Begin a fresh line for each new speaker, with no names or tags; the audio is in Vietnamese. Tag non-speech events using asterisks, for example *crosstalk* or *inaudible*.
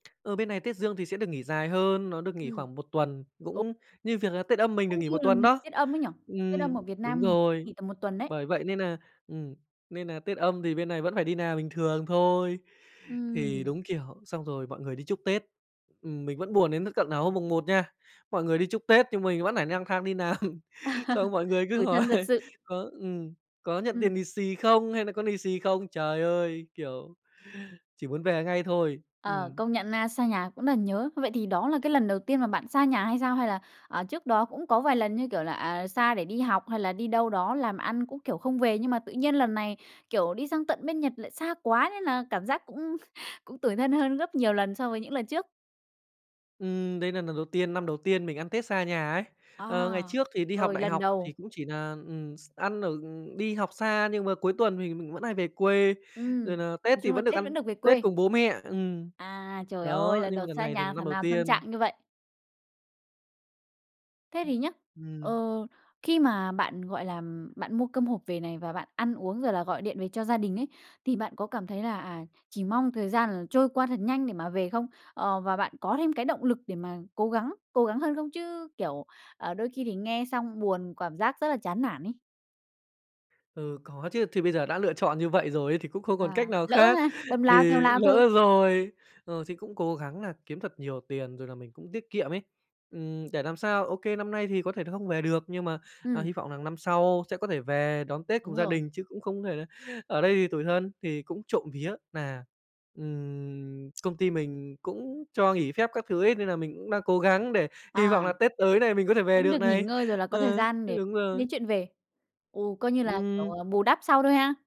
Ờ, bên này Tết Dương thì sẽ được nghỉ dài hơn, nó được nghỉ
Ừm.
khoảng 1 tuần,
Ồ.
cũng như việc là Tết Âm mình được
Cũng
nghỉ
như
1
là
tuần đó.
Tết Âm ấy nhỉ? Tết Âm
Ừm,
ở Việt Nam
đúng
mình thì cũng
rồi.
nghỉ tầm 1 tuần đấy.
Bởi vậy nên nà, ừm, nên nà Tết Âm thì bên này vẫn phải đi làm bình thường thôi. Thì
Ừm.
đúng, kiểu, xong rồi mọi người đi chúc Tết, ừm, mình vẫn buồn đến th tận nà hôm mùng Một nha. Mọi người đi chúc Tết nhưng mình vẫn phải nang thang đi làm, xong
*laughs*
mọi người cứ
Tủi
hỏi:
thân thật sự.
"Có, ừm, có nhận tiền
Ừm.
lì xì không?" Hay nà "Có lì xì không?" Trời ơi, kiểu, chỉ muốn về ngay thôi,
Ờ,
ừm.
công nhận na, xa nhà cũng rất là nhớ. Vậy thì đó là cái lần đầu tiên mà bạn xa nhà hay sao? Hay là, à, trước đó cũng có vài lần, như kiểu là, à, xa để đi học hay là đi đâu đó làm ăn, cũng, kiểu, không về? Nhưng mà tự nhiên lần này, kiểu, đi sang tận bên Nhật lại xa quá, nên là cảm giác cũng cũng tủi thân hơn gấp nhiều lần so với những lần trước?
Ừm, đây nà lần đầu tiên, năm đầu tiên mình ăn Tết xa nhà ấy. Ờ, ngày
À,
trước thì đi học
rồi,
đại
lần
học
đầu.
thì cũng chỉ nà, ừm, x ăn ở đi học xa nhưng mà cuối tuần thì mình vẫn hay về quê, rồi
Ừm,
nà Tết
nói
thì
chung là
vẫn được
Tết vẫn
ăn
được về
Tết
quê.
cùng bố mẹ, ừm.
À, trời ơi,
Đó,
lần
nhưng
đầu
mà lần
xa
này thì
nhà thảo
năm đầu
nào tâm
tiên.
trạng như vậy. Thế thì nhá, ờ,
Ừm.
khi mà bạn, gọi là, ừm, bạn mua cơm hộp về này, và bạn ăn uống rồi là gọi điện về cho gia đình ấy, thì bạn có cảm thấy là, à, chỉ mong thời gian là trôi qua thật nhanh để mà về không? Ờ, và bạn có thêm cái động lực để mà cố gắng cố gắng hơn không? Chứ, kiểu, ờ, đôi khi thì nghe xong buồn, cảm giác rất là chán nản ấy.
Ừ, có chứ. Thì bây giờ đã lựa chọn như vậy rồi ấy, thì cũng không còn
À,
cách nào
lỡ
khác,
ha? Đâm
thì
lao theo lao thôi.
lỡ rồi. Ờ, thì cũng cố gắng nà kiếm thật nhiều tiền rồi là mình cũng tiết kiệm ấy. Ừm, để làm sao, OK, năm nay thì có thể là không về được nhưng mà, à,
Ừm.
hy vọng rằng năm sau sẽ có thể về đón Tết cùng
Đúng
gia
rồi.
đình, chứ cũng không có thể là ở đây thì tủi thân. Thì cũng trộm vía nà, ừm, công ty mình cũng cho nghỉ phép các thứ ấy, nên nà mình cũng đang cố gắng để hy vọng
À.
là Tết tới này mình có thể về
Vẫn
được
được nghỉ
này,
ngơi rồi là có thời
ờ,
gian
th
để
đúng
tính
rồi.
đến chuyện về. Ồ, coi như là, kiểu,
Ừm.
ờ, bù đắp sau thôi ha?